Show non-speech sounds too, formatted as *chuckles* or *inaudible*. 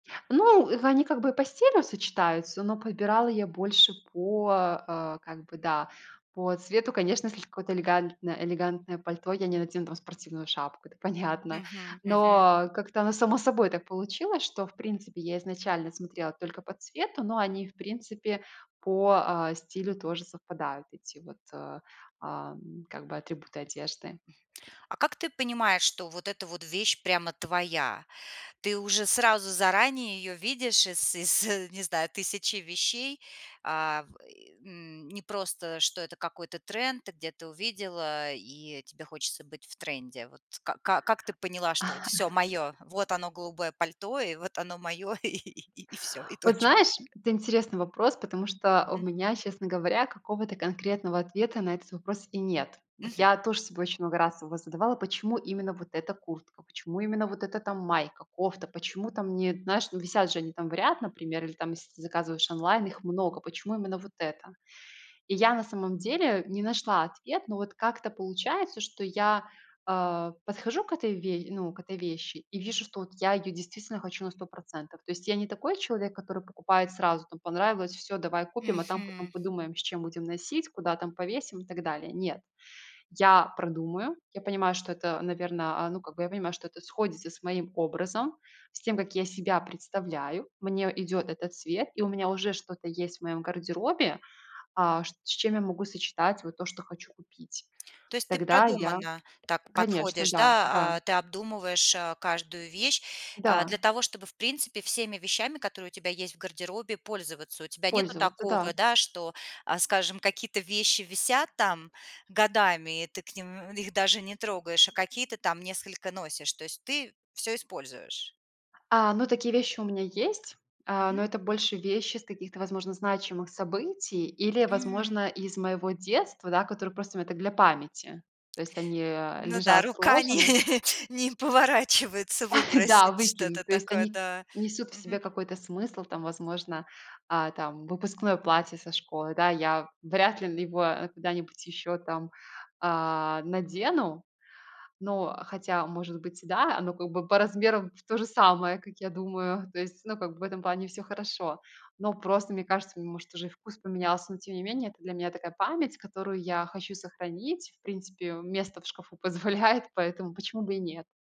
Ну, в они как бы по стилю сочетаются, но подбирала я больше по, э, как бы да, по цвету, конечно. Если какое-то элегантно элегантное пальто, я не надену там спортивную шапку, это понятно. Мгм. Мгм. Но как-то оно само собой так получилось что, в принципе, я изначально смотрела только по цвету, но они, в принципе, по, э, стилю тоже совпадают, эти вот, ам, как бы атрибуты одежды. А как ты понимаешь, что вот эта вот вещь прямо твоя? Ты уже сразу, заранее, ее видишь из из *chuckles* не знаю, 1000 вещей? А, в и, м, не просто, что это какой-то тренд, ты где-то увидела, э, и тебе хочется быть в тренде. Вот ка как ты поняла, что вот все *chuckles* моё, вот оно голубое пальто и вот оно моё, и всё, и Вот точка. знаешь, это интересный вопрос, потому что у Мгм. меня, честно говоря, какого-то конкретного ответа на этот вопрос и нет. Вот Мгм. я тоже собой очень много раз его задавала: "Почему именно вот эта куртка, почему именно вот эта там майка, кофта, почему там не, знаешь, висят же они там в ряд, например, или там если ты заказываешь онлайн, их много. Почему именно вот эта?" И я, на самом деле, не нашла ответ, но вот как-то получается, что я, э, подхожу к этой ве ну, к этой вещи и вижу, что я ее действительно хочу на 100 %. То есть, я не такой человек, который покупает сразу там, понравилось, всё давай купим, а там потом Мгм. подумаем, с чем будем носить, куда там повесим, и так далее. Нет, я продумаю. Я понимаю, что это, наверно, а, ну, как бы я понимаю, что это сходится с моим образом, с тем как я себя представляю. Мне идет этот цвет, и у меня уже что есть в моём гардеробе, а, с чем я могу сочетать вот то, что хочу купить. То есть ты Тогда я продуманно так Конечно, подходишь, да. Да. да, а, ты обдумываешь, э, каждую вещь, а, для Да. того, чтобы, в принципе, всеми вещами, которые у тебя есть в гардеробе, пользоваться. У тебя нету Пользоваться, да. такого, да, что, а, скажем, какие-то вещи висят там годами, и ты к ним их даже не трогаешь, а какие-то там несколько носишь. То есть ты всё используешь? А, ну, такие вещи у меня есть, а, Мгм. но это больше вещи с каких-то, возможно, значимых событий или, М. возможно, из моего детства, да, которые просто мне так для памяти. То есть они, э, Ну да, лежат рука не сложены. не поворачивается *chuckles* Да, выбросить выкину. что-то То есть они такое-то, несут в да. себе Мгм. какой-то смысл там, возможно, а, там выпускное платье со школы. Да, я вряд ли его куда-нибудь еще там, а, надену. Но хотя может быть да, оно как бы по размерам тоже самое, как я думаю. То есть, ну, как бы, в этом плане всё хорошо. Но просто, мне кажется, может уже и вкус поменялся, но тем не менее, это для меня такая память, которую я хочу сохранить. В принципе, место в шкафу позволяет, поэтому почему бы и нет?